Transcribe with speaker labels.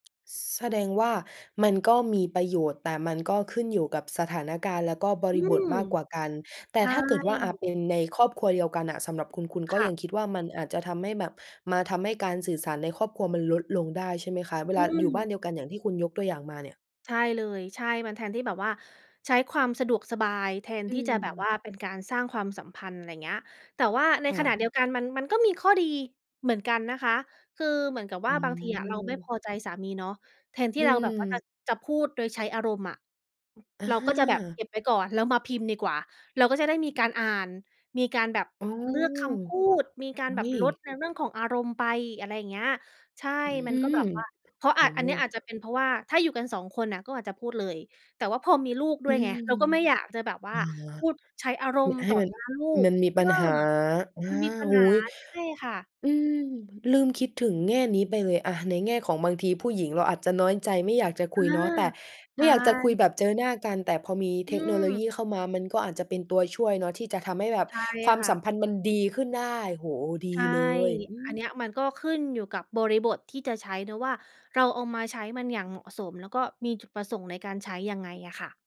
Speaker 1: แสดงว่ามันก็มีประโยชน์ แต่มันก็ขึ้นอยู่กับสถานการณ์ แล้วก็บ
Speaker 2: อ
Speaker 1: ร
Speaker 2: ื
Speaker 1: ิบท
Speaker 2: ม
Speaker 1: มากกว่ากัน แต
Speaker 2: ใ
Speaker 1: ่
Speaker 2: ช
Speaker 1: ถ้าเกิดว่า อะ
Speaker 2: ่
Speaker 1: เป็นในครอบครัวเดียวกันน่ะ สำหรับคุณ คุณก
Speaker 2: ค
Speaker 1: ็
Speaker 2: ่
Speaker 1: ยั
Speaker 2: ะ
Speaker 1: งคิดว่า มันอาจจะทำให้แบบ มาทำให้การสื่อสารในครอบครัวมันลดลงได้ ใช่ไหมคะ? เว
Speaker 2: อ
Speaker 1: ล
Speaker 2: ื
Speaker 1: าอยู่บ้
Speaker 2: ม
Speaker 1: านเดียวกัน อย่างที่คุณยกตัวอย่างมาเนี่ย
Speaker 2: ใช่เลย ใช่ มันแทนที่แบบว่า ใช้ความสะดวกสบายแทน
Speaker 1: อ
Speaker 2: ที่จะแบบ
Speaker 1: ืม
Speaker 2: ว่า เป็นการสร้างความสัมพันธ์ ไรเงี้ย แต่ว่าใน
Speaker 1: ค
Speaker 2: ข
Speaker 1: ่
Speaker 2: ณ
Speaker 1: ะ
Speaker 2: ะเดียวกัน มัน มันก็มีข้อดีเหมือนกันนะคะ คือเหมือนกับ
Speaker 1: อ
Speaker 2: ว่
Speaker 1: ื
Speaker 2: าบางทีอะ เราไม่พ
Speaker 1: ม
Speaker 2: อใจสามีเนาะ แทนท
Speaker 1: อ
Speaker 2: ี่
Speaker 1: ื
Speaker 2: เราแบบว่า จะ
Speaker 1: ม
Speaker 2: จะพูดโดยใช้อารมณ์อะ
Speaker 1: อ
Speaker 2: เราก็จะแบบเก
Speaker 1: า
Speaker 2: ็บไว้ก่อน แล้วมาพิมพ์ดีกว่า เราก็จะได้มีการอ่าน มีการแบบ
Speaker 1: อ๋อ
Speaker 2: เลือกคำพูด มีกา
Speaker 1: อ
Speaker 2: ร
Speaker 1: ุ
Speaker 2: แบ
Speaker 1: ๊
Speaker 2: บ
Speaker 1: ย!
Speaker 2: ลดในเรื่องของอารมณ์ไป อะไรเงี้ย ใช่
Speaker 1: อื
Speaker 2: มันก็
Speaker 1: ม
Speaker 2: แบบว่า เพราะ
Speaker 1: โอ
Speaker 2: อาจ
Speaker 1: ้
Speaker 2: อ
Speaker 1: โ
Speaker 2: ั
Speaker 1: ฮ
Speaker 2: นนี้อาจจะเป็นเพราะว่า ถ้าอยู่กัน 2 คนน่ะ ก็อาจจะพูดเลย แต่ว่าพอมีลูกด
Speaker 1: อ
Speaker 2: ้
Speaker 1: ื
Speaker 2: วยไง
Speaker 1: ม
Speaker 2: เราก็ไม่อยากจะแบบว
Speaker 1: อ
Speaker 2: ่า
Speaker 1: ๋อ
Speaker 2: พูดใช้อาร
Speaker 1: คือ
Speaker 2: มณ์
Speaker 1: ให้
Speaker 2: ต่อ
Speaker 1: มัน
Speaker 2: หน้าลูก
Speaker 1: มันมี
Speaker 2: เอ
Speaker 1: ป
Speaker 2: อ
Speaker 1: ัญหา อา
Speaker 2: มันมีปั
Speaker 1: โอ
Speaker 2: ญ
Speaker 1: ้โ
Speaker 2: หา
Speaker 1: ฮ
Speaker 2: ใช่ค่ะ
Speaker 1: อืม ลืมคิดถึงแง่นี้ไปเลย อะ ในแง่ของบางทีผู้หญิงเราอาจจะน้อยใจ ไม่อยากจะ
Speaker 2: เอ
Speaker 1: ค
Speaker 2: อ
Speaker 1: ุยเนาะ แต่
Speaker 2: ใช
Speaker 1: ไม่อยากจะคุย
Speaker 2: ่
Speaker 1: แบบเจอหน้ากัน แต่พอมี
Speaker 2: อ
Speaker 1: เท
Speaker 2: ื
Speaker 1: คโนโลย
Speaker 2: ม
Speaker 1: ีเข้ามา มันก็อาจจะเป็นตัวช่วยเนาะ ที่จะทำให้แบบ
Speaker 2: ใช่
Speaker 1: ความ
Speaker 2: ค่ะ
Speaker 1: สัมพันธ์มันดีขึ้นได้ โอ้โฮ ด
Speaker 2: ใ
Speaker 1: ี
Speaker 2: ช่
Speaker 1: เลย อื
Speaker 2: อันเน
Speaker 1: ม
Speaker 2: ี้ยมันก็ขึ้นอยู่กับบริบทที่จะใช้เนาะว่า เราเอามาใช้มันอย่างเหมาะสม แล้วก็มีจุดประสงค์ในการใช้ยังไงอะค่ะ